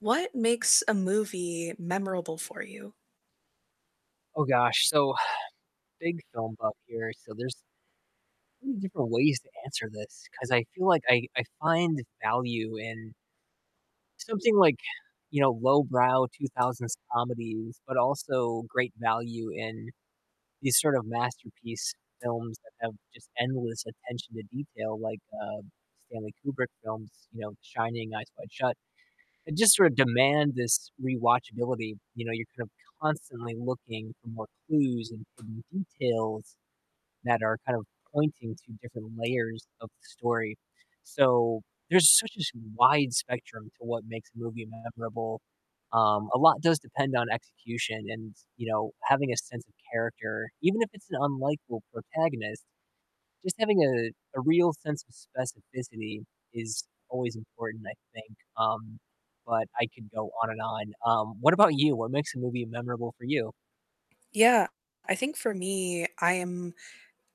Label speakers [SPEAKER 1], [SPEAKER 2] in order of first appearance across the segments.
[SPEAKER 1] What makes a movie memorable for you?
[SPEAKER 2] Oh gosh, so, big film buff here, so, there's many different ways to answer this 'cause I feel like I I find the value in something, like, you know, lowbrow 2000s comedies, but also great value in these sort of masterpiece films that have just endless attention to detail like, uh, Stanley Kubrick films, you know, The Shining, Eyes Wide Shut, that just sort of demand this rewatchability. You know, you're kind of constantly looking for more clues, and hidden details that are kind of pointing to different layers of the story. So, there's such a wide spectrum to what makes a movie memorable. Um, a lot does depend on execution, and, you know, having a sense of character, even if it's an unlikeable protagonist. Just having, uh, a a real sense of specificity is always important, I think. Um, but I could go on and on. Um, what about you? What makes a movie memorable for you?
[SPEAKER 1] Yeah, I think for me, I am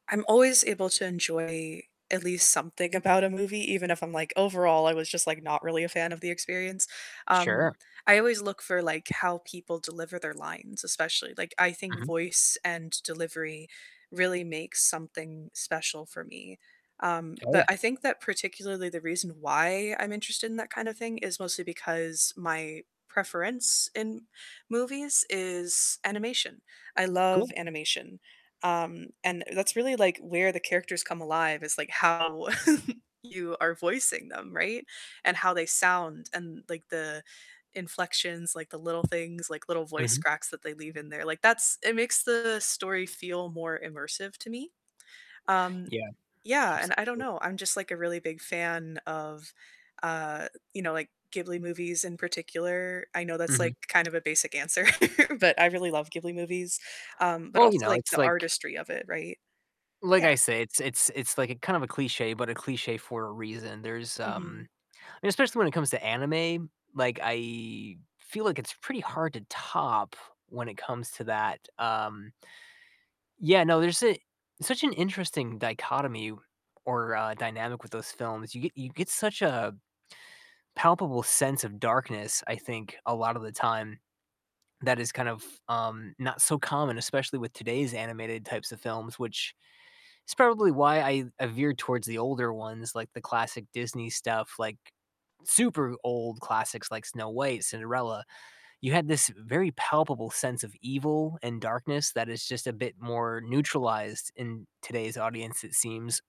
[SPEAKER 1] I'm always able to enjoy at least something about a movie, even if I'm like, overall, I was just, like, not really a fan of the experience. Um,
[SPEAKER 2] Sure.
[SPEAKER 1] I always look for, like, how people deliver their lines especially. Like, I think
[SPEAKER 2] Mhm.
[SPEAKER 1] voice and delivery really makes something special for me. Um,
[SPEAKER 2] Oh,
[SPEAKER 1] but
[SPEAKER 2] yeah.
[SPEAKER 1] I think that particularly the reason why I'm interested in that kind of thing is mostly because my preference in movies is animation. I love
[SPEAKER 2] Cool.
[SPEAKER 1] animation, um, and that's really, like, where the characters come alive is, like, how you are voicing them, right? And how they sound and, like, the inflections, like the little things, like little voice
[SPEAKER 2] Mhm.
[SPEAKER 1] cracks that they leave in there. Like, that's it makes the story feel more immersive to me. Um,
[SPEAKER 2] Yeah,
[SPEAKER 1] yeah, and I don't
[SPEAKER 2] absolutely.
[SPEAKER 1] know. I'm just, like, a really big fan of, uh, you know, like, Ghibli movies in particular. I know that's,
[SPEAKER 2] Mhm.
[SPEAKER 1] like, kind of a basic answer, but I really love Ghibli movies. Um, but
[SPEAKER 2] Well, you
[SPEAKER 1] also,
[SPEAKER 2] know,
[SPEAKER 1] like,
[SPEAKER 2] it's
[SPEAKER 1] the
[SPEAKER 2] like
[SPEAKER 1] artistry of it, right?
[SPEAKER 2] like
[SPEAKER 1] Yeah.
[SPEAKER 2] I say, it's it's it's, like, a kind of a cliché, but a cliché for a reason, there's,
[SPEAKER 1] Mhm.
[SPEAKER 2] um I mean, especially when it comes to anime, like, I feel like it's pretty hard to top when it comes to that, um Yeah, no, there's a such an interesting dichotomy, or uh, dynamic with those films. You get you get such, uh, a palpable sense of darkness, I think, a lot of the time that is kind of, um, not so common, especially with today's animated types of films, which is probably why I I veered towards the older ones, like, the classic Disney stuff, like, super old classics like Snow White, Cinderella. You had this very palpable sense of evil and darkness that is just a bit more neutralized in today's audience, it seems.